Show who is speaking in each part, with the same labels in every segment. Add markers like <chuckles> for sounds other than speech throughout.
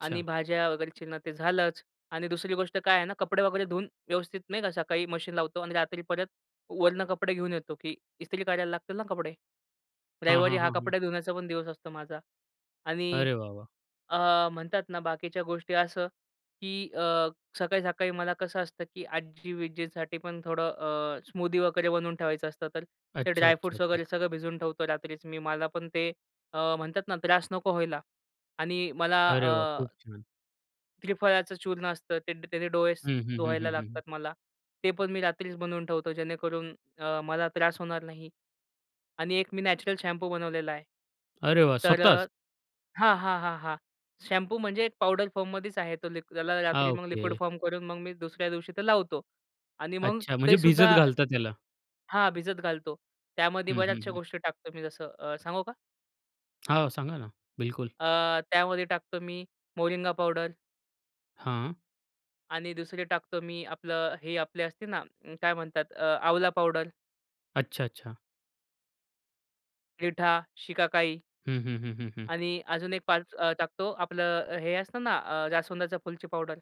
Speaker 1: आणि भाज्या वगैरे चिरणं ते झालंच आणि दुसरी गोष्ट काय आहे ना कपडे वगैरे धुऊन व्यवस्थित, नाही का, सकाळी मशीन लावतो आणि रात्री परत वरनं कपडे घेऊन येतो, की ईस्त्री करायला लागतील ना कपडे.
Speaker 2: हं,
Speaker 1: रविवारी
Speaker 2: हं,
Speaker 1: हां
Speaker 2: हं, हं.
Speaker 1: कपडा धुण्याचा पण दिवस असतो माझा. आणि
Speaker 2: अरे वाह, वाह!
Speaker 1: अ, म्हणतात ना बाकीच्या गोष्टी असं की अ, सकाळी-सकाळी मला कसं असतं की आजी-विज्जींसाठी पण थोडं अ, स्मूदी वगैरे बनवून ठेवायचं असतं. तर ते
Speaker 2: अच्छा, अच्छा,
Speaker 1: ड्राय-फ्रूट्स वगैरे
Speaker 2: अच्छा.
Speaker 1: सगळं भिजवून ठेवतो रात्रीच मी, मला पण ते अ, म्हणतात ना त्रास नको व्हायला. आणि मला
Speaker 2: अरे वाह!
Speaker 1: अ,
Speaker 2: खूप छान!
Speaker 1: त्रिफळाच चूर्ण असतं ते द त्यानी डोळे सु
Speaker 2: हं, हं, हं,
Speaker 1: धुवायला
Speaker 2: हं, हं, हं.
Speaker 1: लागतात मला. ते पण मी रात्रीच बनवून ठेवतो जेणेकरून अ, मला त्रास होणार नाही. आणि एक मी नॅचरल शॅम्पू बनवलेला आहे.
Speaker 2: अरे वाह!
Speaker 1: तर
Speaker 2: स्वतःच?
Speaker 1: अ हां, हां, हां, हां. शॅम्पू म्हणजे एक पावडर फॉर्ममध्येच आहे तो त्याला
Speaker 2: अ,
Speaker 1: रात्री मग लिक्विड
Speaker 2: ओके.
Speaker 1: फॉर्म करून मग मी दुसऱ्या दिवशी तो लावतो. आणि मग
Speaker 2: अच्छा, म्हणजे
Speaker 1: ते
Speaker 2: भिजत
Speaker 1: सुद्धा
Speaker 2: घालता त्याला?
Speaker 1: हां, भिजत घालतो. त्यामध्ये
Speaker 2: हं, हं,
Speaker 1: बऱ्याचश्या
Speaker 2: हं.
Speaker 1: गोष्टी टाकतो मी जसं अ, सांगू का?
Speaker 2: हो, सांगा ना. बिलकुल.
Speaker 1: अ, त्यामध्ये टाकतो मी मोरिंगा पावडर
Speaker 2: हां?
Speaker 1: आणि दुसरी टाकतो मी आपलं हे, आपले असते ना काय म्हणतात अ, आवळा पावडर
Speaker 2: अच्छा. अच्छा.
Speaker 1: रिठा, शिकाकाई
Speaker 2: हं, हं, हं, हं, हं.
Speaker 1: आणि अजून एक 5 अ, टाकतो, आपलं हे असतं ना अ जास्वंदच्या फुलची पावडर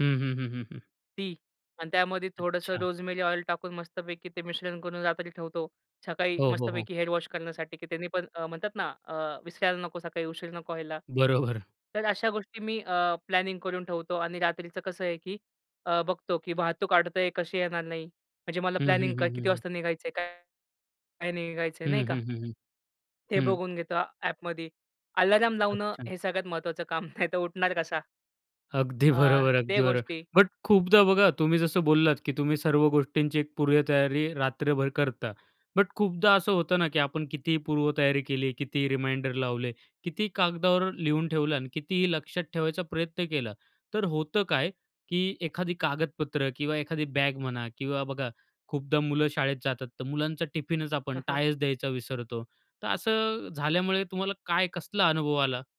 Speaker 2: हं, हं, हं, हं, हं.
Speaker 1: ती आणि त्यामध्ये थोडंसं
Speaker 2: अच्छा.
Speaker 1: रोजमेरी ऑइल टाकून मस्तपैकी ते मिश्रण करून रात्री ठेवतो. सकाळी
Speaker 2: हो, हो, हो.
Speaker 1: मस्तपैकी हेड वॉश करण्यासाठी की त्यानी पण अ, म्हणतात ना अ, विसरायला नको सकाळी उशीर नको व्हायला.
Speaker 2: बरोबर.
Speaker 1: तर अश्या गोष्टी मी अ, प्लॅनिंग करून ठेवतो आणि रात्रीचं कसं आहे की अ, बघतो की वाहतूक अडतय कशी येणार नाही. म्हणजे मला
Speaker 2: हं, हं,
Speaker 1: प्लॅनिंग क
Speaker 2: हं,
Speaker 1: किती
Speaker 2: हं, हं.
Speaker 1: वाजता, काय निघायचंय, काय? काही नाही निघायचय, नाही
Speaker 2: हं,
Speaker 1: का?
Speaker 2: हं, हं, हं.
Speaker 1: हे
Speaker 2: हं.
Speaker 1: बघून घेतो अ, ॲपमध्ये. अलार्म लावणं
Speaker 2: अच्छा.
Speaker 1: हे सगळ्यात महत्वाचं काम. नाहीतर उठणार कसा?
Speaker 2: अगदी
Speaker 1: अ,
Speaker 2: बरोबर.
Speaker 1: ते
Speaker 2: अगदी बरोबर.
Speaker 1: गोष्टी.
Speaker 2: बट खूपदा बघा तुम्ही जसं बोललात की तुम्ही सर्व गोष्टींची एक पूर्वतयारी रात्रभर करता. बट खूपदा असं होतं ना की आपण कितीही पूर्वतयारी केली, कितीही रिमाइंडर लावले, कितीही कागदावर लिहून ठेवलं अन् कितीही लक्षात ठेवायचा प्रयत्न केला, तर होतं काय की एखादी कागदपत्र किंवा एखादी बॅग म्हणा किंवा बघा खूपदा मुलं शाळेत जातात तर मुलांचा टिफिनच आपण
Speaker 1: <chuckles>
Speaker 2: टायच द्यायचा विसरतो. तर असं झाल्यामुळे तुम्हाला काय, कसला अनुभव आला?